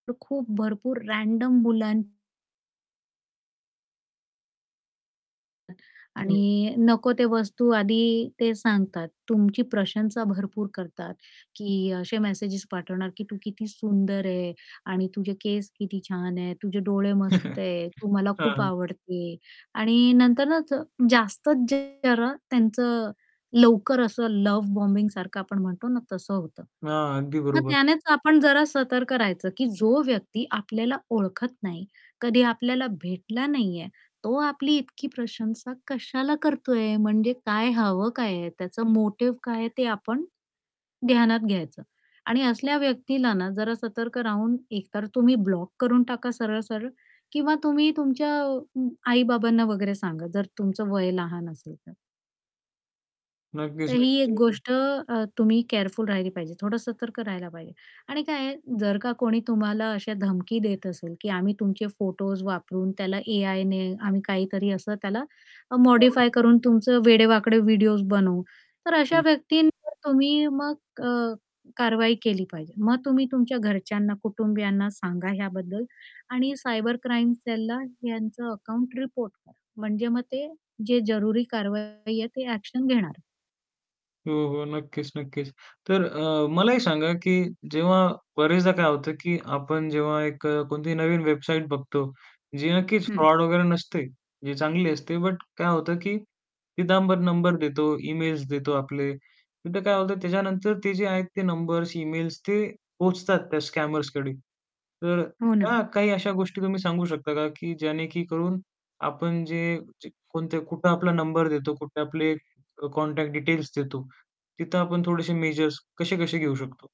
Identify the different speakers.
Speaker 1: तर खूप भरपूर रँडम मुलां
Speaker 2: हो.
Speaker 1: आणि नको ते वस्तू आधी ते सांगतात, तुमची प्रशंसा भरपूर करतात, की असे मेसेज पाठवणार की तू किती सुंदर आहे आणि तुझे केस किती छान आहेत, तुझे डोळे मस्त आहेत, तू मला खूप
Speaker 2: हां.
Speaker 1: आवडते आणि नंतरच जास्तच जरा त्यांचं लवकर असं लव्ह बॉम्बिंगसारखं आपण म्हणतो ना, तसं होतं.
Speaker 2: हां, अगदी
Speaker 1: मग
Speaker 2: बरोबर.
Speaker 1: त्यानेच आपण जरा सतर्क राहायचं, की जो व्यक्ती आपल्याला ओळखत नाही, कधी आपल्याला भेटला नाहीये, तो आपली इतकी प्रशंसा कशाला करतोय म्हणजे काय हवं काय आहे, त्याचा मोटिव्ह काय आहे, ते आपण ध्यानात घ्यायचं. आणि असल्या व्यक्तीला ना जरा सतर्क राहून एकतर तुम्ही ब्लॉक करून टाका सरळ-सरळ किंवा तुम्ही तुमच्या आई-बाबांना वगैरे सांगा जर तुमचं वय लहान असेल तर. तर
Speaker 2: नक्कीच,
Speaker 1: ही एक
Speaker 2: नक्कीच. [unintelligible]
Speaker 1: गोष्ट अ, तुम्ही केअरफुल राहिली पाहिजे, थोडं सतर्क राहायला पाहिजे आणि काय जर का कोणी तुम्हाला अशा धमकी देत असेल, की आम्ही तुमचे फोटोज वापरून त्याला एआयने आम्ही काहीतरी असं त्याला
Speaker 2: हां.
Speaker 1: मॉडिफाय करून तुमचं वेडेवाकडे व्हिडिओज बनवू. तर अशा
Speaker 2: हं.
Speaker 1: व्यक्तींवर तुम्ही मग अ, कारवाई केली पाहिजे. मग तुम्ही तुमच्या घरच्यांना कुटुंबियांना सांगा ह्याबद्दल आणि सायबर क्राईम सेलला यांचं अकाउंट रिपोर्ट करा, म्हणजे मग ते जे जरुरी कारवाई आहे ते ॲक्शन घेणार.
Speaker 2: हो, हो. नक्कीच, नक्कीच. तर अ, मला एक सांगा की जेव्हा बऱ्याचदा काय होतं की आपण जेव्हा एक अ, कोणतीही नवीन वेबसाईट बघतो, जी नक्कीच
Speaker 1: हं.
Speaker 2: फ्रॉड वगैरे नसते. जी चांगली असते, बट काय होतं की तिथं आपण नंबर देतो, इमेल्स देतो आपले तिथं काय होतं. त्याच्यानंतर ते जे आहेत ते नंबर्स, इमेल्स ते पोहचतात त्या स्कॅमर्सकडे. तर
Speaker 1: हो ना.
Speaker 2: त्या काही अशा गोष्टी तुम्ही सांगू शकता का की ज्यणेक करून आपण जे कोणते कुठं आपला नंबर देतो, कुठे आपले कॉन्टॅक्ट डिटेल्स देतो तिथं आपण थोडेसे मेजर्स कसे कसे घेऊ शकतो?